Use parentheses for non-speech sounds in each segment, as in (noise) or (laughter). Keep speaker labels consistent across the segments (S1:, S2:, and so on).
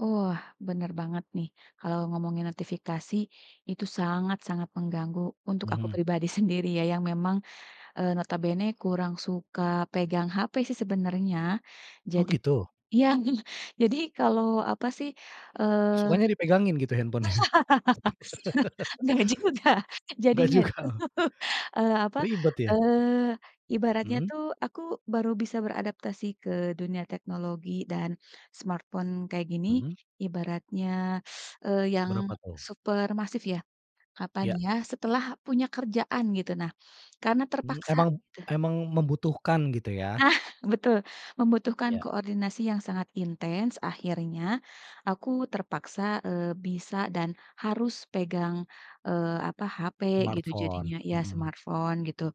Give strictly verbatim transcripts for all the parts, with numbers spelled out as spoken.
S1: Wah, bener banget nih, kalau ngomongin notifikasi, itu sangat-sangat mengganggu untuk aku
S2: Mhm.
S1: pribadi sendiri ya. Yang memang, eee, notabene kurang suka pegang HP sih sebenarnya.
S2: Oh
S1: Jadi
S2: gitu.
S1: iya (chuckles) jadi kalau apa sih, eee.
S2: Sukanya dipegangin gitu handphone-nya?
S1: (laughs)
S2: (laughs)
S1: Enggak juga,
S2: Enggak
S1: jadinya
S2: juga,
S1: tuh,
S2: oh.
S1: eee apa,
S2: Ribet ya.
S1: eee, ibaratnya
S2: Mhm.
S1: tuh aku baru bisa beradaptasi ke dunia teknologi dan smartphone kayak gini,
S2: Mhm.
S1: ibaratnya, (sucks teeth) eee, yang
S2: Berapa tuh?
S1: super massive ya. Kapan
S2: Iya.
S1: ya, setelah punya kerjaan gitu, nah, karena
S2: Mmm,
S1: terpaksa,
S2: emang
S1: gitu.
S2: emang membutuhkan gitu ya.
S1: Nah, betul, membutuhkan
S2: Iya.
S1: koordinasi yang sangat intens, akhirnya aku terpaksa, eee, bisa dan harus pegang, eee, apa, HP gitu
S2: Smartphone,
S1: jadinya iya
S2: mhm.
S1: smartphone gitu.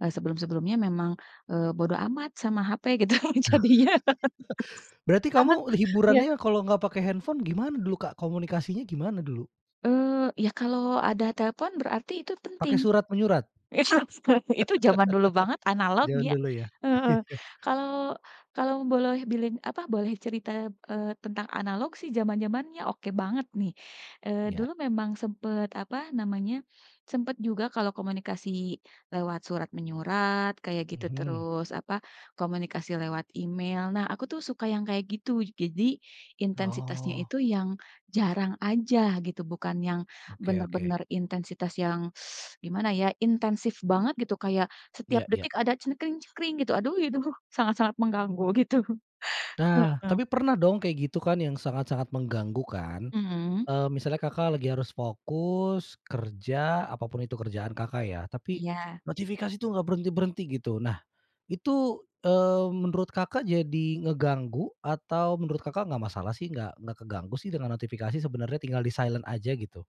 S1: Eee, sebelum-sebelumnya memang, eee, bodo amat sama HP gitu jadinya.
S2: (laughs)
S1: (laughs)
S2: Berarti
S1: Sekarang,
S2: kamu
S1: iya,
S2: hiburannya kalau enggak pakai
S1: mhm.
S2: handphone, gimana dulu, Kak? Komunikasinya gimana dulu?
S1: Eee, iya, kalau ada telepon, berarti itu
S2: Pakai
S1: penting.
S2: surat-menyurat?
S1: Itu, seka itu zaman dulu banget
S2: (laughs)
S1: analog
S2: Zaman
S1: ya
S2: dulu ya.
S1: heeh.
S2: (chuckles)
S1: Kalau, kalau boloh bilin apa, boleh cerita, eee, tentang analog sih, zaman-zamannya oke banget nih. Eee,
S2: Iya.
S1: dulu memang sempet apa namanya, sempet juga kalau komunikasi lewat surat-menyurat kayak gitu,
S2: Mhm.
S1: terus apa, komunikasi lewat email. Nah, aku tuh suka yang kayak gitu, gazi intensitasnya
S2: Oh.
S1: itu yang jarang aja gitu, bukan yang
S2: Oke oke.
S1: bener-bener intensitas (sucks teeth) yang gimana ya, intensif banget gitu, kayak setiap
S2: Iya iya.
S1: detik ada gitu, aduh itu sangat-sangat mengganggu gitu, (chuckles)
S2: Nah,
S1: heeh.
S2: tapi pernah dong, kayak gitu kan, yang sangat-sangat mengganggu kan?
S1: Mhm.
S2: Eee, misalnya Kakak lagi harus fokus, kerja, apa pun itu kerjaan Kakak, ya, tapi,
S1: Iya.
S2: notifikasi tuh gak berhenti-berhenti gitu. Nah, itu, eee, menurut Kakak, jadi ngeganggu, atau menurut Kakak, enggak masalah sih, enggak, enggak keganggu sih dengan notifikasi sebenarnya, tinggal di silent aja gitu?